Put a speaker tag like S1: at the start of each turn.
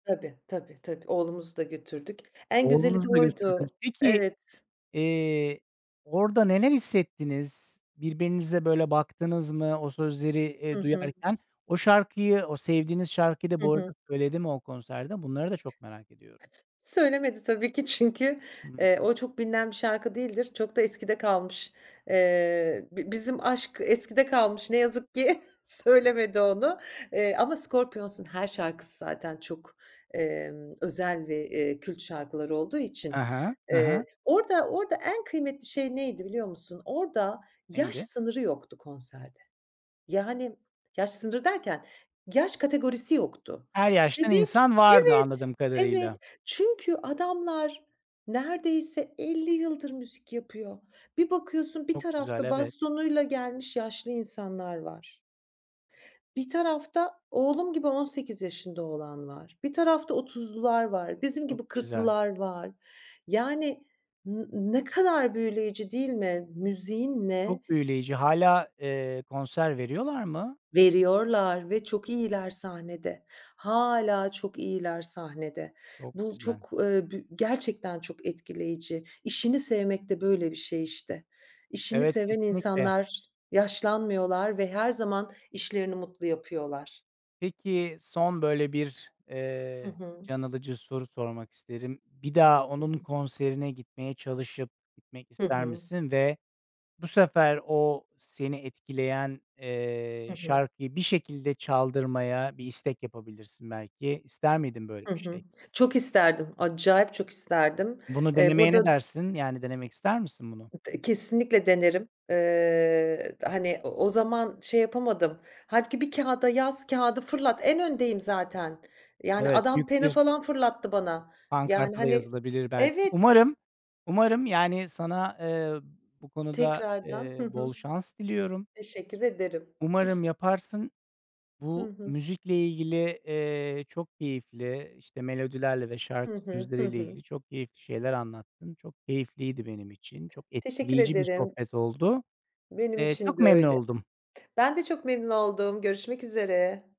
S1: Tabii, tabii, tabii. Oğlumuzu da götürdük. En güzeli de
S2: Oğlunuzu da götürdünüz.
S1: oydu.
S2: Peki,
S1: Evet.
S2: eee, orada neler hissettiniz birbirinize, böyle, baktınız mı o sözleri,
S1: Hı
S2: eee,
S1: hı.
S2: duyarken? O şarkıyı o sevdiğiniz şarkıyı da
S1: Hı
S2: bu
S1: hı.
S2: arada söyledi mi o konserde? Bunları da çok merak ediyorum.
S1: Söylemedi tabii ki çünkü,
S2: Hıı.
S1: eee, o çok bilinen bir şarkı değildir. Çok da eskide kalmış. Eee, bi bizim aşk eskide kalmış ne yazık ki söylemedi onu, eee, ama Scorpions'un her şarkısı zaten çok, emm, özel ve, eee, kült şarkıları olduğu
S2: He
S1: için,
S2: he, he he.
S1: eee, orada orada en kıymetli şey neydi, biliyor musun? Orada yaş
S2: Neydi?
S1: sınırı yoktu konserde. Yani, yaş sınırı derken, yaş kategorisi yoktu.
S2: Her yaştan
S1: Bebek,
S2: insan vardı,
S1: evet,
S2: anladığım
S1: evet
S2: kadarıyla.
S1: çünkü adamlar neredeyse 50 yıldır müzik yapıyor. Bir bakıyorsun, bir
S2: Çok güzel,
S1: tarafta
S2: evet.
S1: bastonuyla gelmiş yaşlı insanlar var. Bir tarafta oğlum gibi 18 yaşında olan var. Bir tarafta 30’lular var. Bizim
S2: Çok
S1: gibi
S2: güzel.
S1: 40’lılar var. Yani, n ne kadar büyüleyici değil mi? Müziğin ne
S2: Çok büyüleyici, hâlâ, eee, konser veriyorlar mı?
S1: Veriyorlar ve çok iyiler sahnede. Hâlâ çok iyiler sahnede.
S2: Çok
S1: Bu
S2: güzel.
S1: çok, ııı, bü gerçekten çok etkileyici. İşini sevmek de böyle bir şey işte. İşini
S2: Evet,
S1: seven
S2: kesinlikle.
S1: insanlar yaşlanmıyorlar ve her zaman işlerini mutlu yapıyorlar.
S2: Peki, son böyle bir, ehh,
S1: Hı hı.
S2: can alıcı soru sormak isterim. Bir daha
S1: Hı
S2: onun
S1: hı.
S2: konserine gitmeye çalışıp, gitmek
S1: Hı
S2: ister
S1: hı.
S2: misin ve bu sefer o seni etkileyen, eee,
S1: Hı hı.
S2: şarkıyı bir şekilde çaldırmaya bir istek yapabilirsin, belki. İster miydin böyle
S1: Hı
S2: bir
S1: hı.
S2: şey?
S1: Çok isterdim. Acayip çok isterdim.
S2: Bunu
S1: Eee, bu
S2: denemeye
S1: arada
S2: ne dersin? Yani, denemek ister misin bunu?
S1: D kesinlikle denerim. Iıı, d hani, o o zaman şey yapamadım. Hâlbuki bir kâğıda yaz, kâğıdı fırlat. En öndeyim zaten. Yani,
S2: Evet, büyük
S1: adam pena
S2: bir
S1: falan, fırlattı bana. Yani,
S2: pankarta da
S1: hani,
S2: yazılabilir belki.
S1: evet.
S2: Umarım, umarım, yani, sana, eee, bu konuda,
S1: Tekrardan, hı
S2: eee, bol
S1: hı.
S2: şans diliyorum.
S1: Teşekkür ederim.
S2: Umarım yaparsın.
S1: Hı
S2: Bu
S1: hı.
S2: müzikle ilgili, eee, çok keyifli, işte, melodilerle ve
S1: Hı
S2: şarkı
S1: hı. Hı
S2: sözleriyle
S1: hı.
S2: ilgili çok keyifli şeyler anlattın. Çok keyifliydi benim için. Çok
S1: Teşekkür
S2: etkileyici bir
S1: ederim.
S2: sohbet oldu.
S1: Benim
S2: Eee,
S1: için
S2: çok
S1: de
S2: memnun
S1: öyle.
S2: oldum.
S1: Ben de çok memnun oldum. Görüşmek üzere.